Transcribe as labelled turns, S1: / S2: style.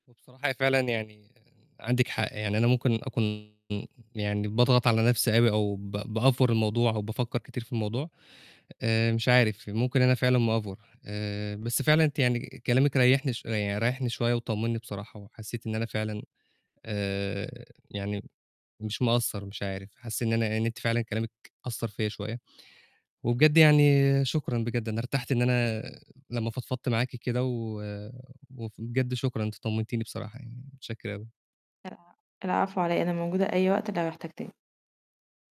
S1: وبصراحة هي فعلًا يعني عندِك حق، يعني أنا ممكن أكون يعني باضغط على نفسي أوي أو ب بأفور الموضوع أو بافكّر كتير في الموضوع، آآ مش عارف، ممكن أنا فعلًا مأفور آآ، بس فعلًا أنتِ يعني كلامِك ريّحني شوية يعن ريّحني شوية وطمنّي بصراحة، وحسيت إن أنا فعلًا، آآ، يعني مش مقصّر، مش عارف، حاسس إن أنا أ إن أنتِ فعلًا كلامك أثّر فيَّ شوية، وبجد يعني شكرًا بجد، أنا ارتحت إن أنا لمّا فضفضت معاكِ كده، و وف وبجد شكرًا، أنتِ طمنتيني بصراحة يعني، متشكر أوي.
S2: الع العفو على إيه أنا موجودة أي وقت لو احتجتني.